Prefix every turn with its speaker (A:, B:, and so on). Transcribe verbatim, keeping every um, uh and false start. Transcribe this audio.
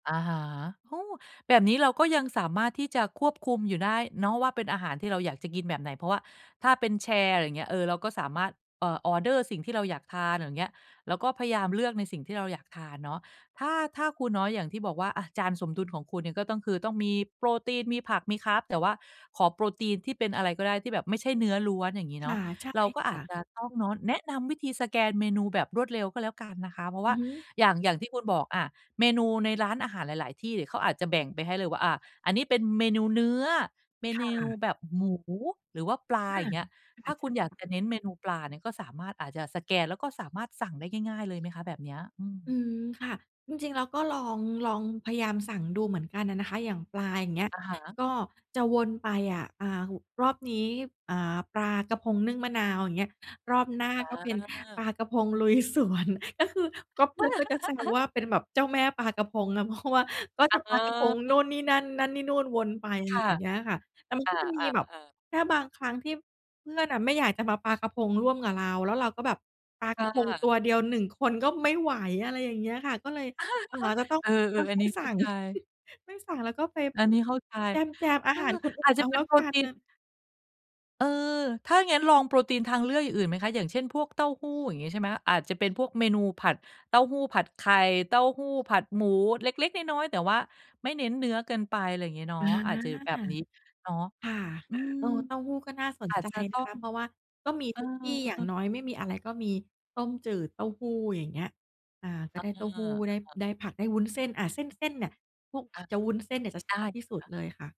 A: อะฮะ โอ้ แบบนี้เราก็ยังสามารถที่จะควบคุมอยู่ได้เนาะว่า เป็นอาหารที่เราอยากจะกินแบบไหน เพราะว่าถ้าเป็นแชร์ อะไรเงี้ย เออ เราก็สามารถ เอ่อ ออร์เดอร์สิ่งที่เราอยากทาน อย่างเงี้ย แล้วก็พยายามเลือกในสิ่งที่เราอยากทานเนาะ ถ้า ถ้าครูน้อยอย่างที่บอกว่าอะจานสมดุลของคุณเนี่ย ก็ต้องคือต้องมีโปรตีน มีผัก มี Carb แต่ว่าขอโปรตีนที่เป็นอะไรก็ได้ที่แบบไม่ใช่เนื้อล้วน อย่างงี้
B: ค
A: เนา
B: ่
A: ะ
B: ะ ใช่
A: เราก็
B: ค
A: อา
B: ่
A: จ
B: ะ
A: จะต้องเนาะแนะนำวิธีสแกนเมนูแบบรวดเร็วก็แล้วกันนะคะ เพราะว
B: อ
A: ่
B: ื
A: า
B: อฮึ
A: อย่าง อย่างที่คุณบอก อ่า เมนูในร้านอาหารหลาย ๆ ที่นี่เขาอาจจะแบ่งไปให้เลยว่า อ่า อันนี้เป็นเมนูเนื้อ เม
B: ค
A: น
B: ่
A: ู
B: ะ
A: แบบหมู หรือว่าปลา
B: อา
A: อย่างเงี้ย ถ
B: อ
A: ้
B: า
A: า
B: ใ
A: ค
B: ช
A: ุ
B: ่
A: ณอยาก
B: ค่ะ
A: จะเน้นเมนูปลาเนี่ย ก็สามารถอาจจะสแกน แล้วก็สามารถสั่งได้ง่าย ๆ เลยไหมคะแบบเนี้ย? อื
B: อื
A: ม
B: ม ค่ะ จริง ๆ เราก็ลอง ลองพยายามสั่งดูเหมือนกันน่ะนะคะ อย่างปลา อย่างเงี้ย
A: อะฮะ
B: ก็จะวนไปอะ อ่า รอบนี้ อ่า ปลากะพงนึ่งมะนาว อย่างเงี้ย รอบหน้า
A: อ
B: ก็เป็นป
A: า
B: ลากะพงลุยสวน ก็คือก็เพื่อนก็จะแซวว่าเป็นแบบเจ้าแม่ปลากะพงนะ เพราะว่าก็
A: เ
B: จะปลากะพงนู่
A: ออ
B: นนี่นั่น นั่นนี่นู่นวนไป อะ
A: ค
B: ไร
A: ่
B: อ
A: ะ
B: ย่างเงี้ยค่ะ แต่มัน
A: อ
B: ก็จะมีแบบ
A: า ๆ ๆ
B: แค่บางครั้งที่เพื่อนน่ะไม่อยากจะมาปลากะพงร่วมกับเรา แล้วเราก็แบบปลา
A: ค
B: ก
A: ่
B: ะพงตั
A: ะ
B: วเดียว หนึ่ง คนก็ไม่ไหว อะไรอย่างเงี้ยค่ะ ก็เลย เอ่อ จะต้อง
A: เออ
B: ต้อง
A: ๆ อัน
B: ไม
A: น
B: ่
A: ี้
B: ส
A: เ
B: ั
A: ข้า
B: ่ง
A: ใจ
B: ไม่สั่ง แล้วก็ไป
A: อันนี้เข้าใจ
B: แจม ๆ อา
A: เออ
B: หารคนอื่
A: อาจ
B: น
A: จ
B: เอ
A: ะ
B: า
A: เป็
B: แล
A: น
B: ้ว
A: โปร
B: กั
A: ต
B: น
A: ี
B: น
A: น
B: ่ะ
A: เออ ถ้างั้นลองโปรตีนทางเลือกอย่างอื่นไหมคะ? อย่างเช่น พวกเต้าหู้ อย่างงี้ ใช่ไหม? อาจจะเป็นพวกเมนูผัด เต้าหู้ผัดไข่ เต้าหู้ผัดหมูเล็ก ๆ น้อย ๆ แต่ว่าไม่เน้นเนื้อเกินไป ไรเงี้ยเนา
B: อ
A: ะ
B: า
A: อาจจะอยู่แบบนี้เนาะ
B: ค่ะ
A: อืม
B: เออ เต้าหู้ก็น่าสน
A: อาจ
B: ใจ
A: จะต
B: น
A: ้
B: ะ
A: อ
B: ค
A: ง
B: ะ เพราะว่าก็มี
A: อื
B: ท
A: อ
B: ุกที่ อย่า
A: ฮ
B: ง
A: ึ
B: น้อยไม่มีอะไรก็มีต้มจืดเต้าหู้ อย่างเงี้ย อ่า ก็
A: อา
B: ได้เต้าหู้ ไ
A: อ
B: ด
A: ะ
B: ้
A: ฮะ
B: ได้ผัก ได้วุ้นเส้น อา เส้น ๆ เนี่ย พวก
A: อา
B: จะวุ้นเส้นเนี่ย จะ
A: ไ
B: ช
A: ด
B: อ
A: ้
B: บที่สุด
A: ค่ะ
B: เลยค่ะ